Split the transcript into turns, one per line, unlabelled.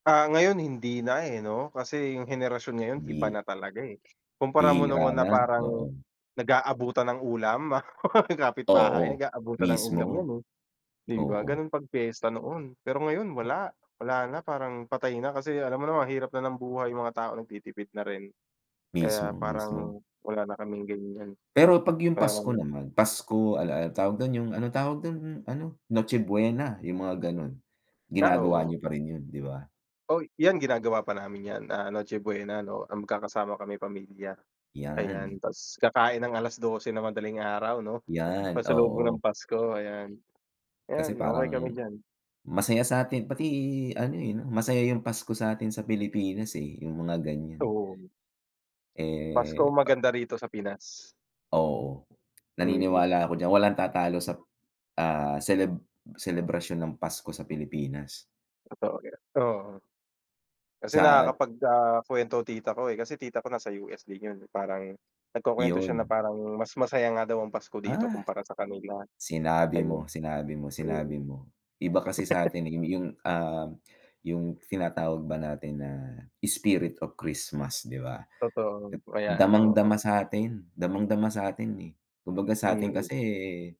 Ah, ngayon, hindi na, eh, 'no kasi yung henerasyon ngayon iba
Bi
na talaga, eh. Kumpara mo
bihira
noon
na,
na parang
oo.
nag-aabutan ng ulam, mga kapitbahay,
Oo,
nag-aabutan ng ulam
mismo.
yan, eh. Di ba,
Oo.
ganun pag piyesta noon, pero ngayon
O
wala wala na, parang patay na kasi alam mo naman, hirap na ng buhay, yung mga tao nagtitipid na rin. Kaya
Mismo, mismo.
parang wala na kaming ganyan.
Pero 'pag yung
Pero
Pasko naman, Pasko, al al tawag dun, yung ano tawag dun, ano? Noche Buena, yung mga gano'n,
Ah,
ginagawa
oo.
niyo pa rin 'yon, 'di ba?
Oh, yan ginagawa pa namin 'yan, ah, Noche Buena, 'no? Ah, magkakasama kami, pamilya,
Yan.
ayan. Ta's kakain ng 12:00 ng madaling araw, 'no,
Yan,
pagsalubong ng
oo.
Pasko, ayan.
Kasi
Ayan, okey
parang
kami diyan.
masaya sa 'tin pati ano, eh, 'no, masaya yung Pasko sa 'tin sa Pilipinas, eh, yung mga ganyan.
Doon. Pasko ang
Eh, pa
maganda rito sa Pinas.
Oo,
Mm.
naniniwala ako diyan, walang tatalo sap ah, seleb selebrasyon ng Pasko sa Pilipinas.
Totoo 'yan, oo. Kasi
Sa at
nakakapag ah, kuwento tita ko, eh, kasi tita ko nasa US din 'yun. Parang nagkukuwento siya na
Yon.
parang mas masaya nga daw ang Pasko dito
Ah,
kumpara sa kanila,
sinabi mo,
ayon.
sinabi mo,
Mm.
sinabi mo. Iba kasi sa 'tin, eh, yu yung, um, yung tinatawag ba natin na, "spirit of Christmas" 'di ba?
Totoo.
At
Ayan,
damang-dama
oo.
sa 'tin, damang-dama sa 'tin, eh. Kumbaga sa 'tin
Mm.
kasi, eh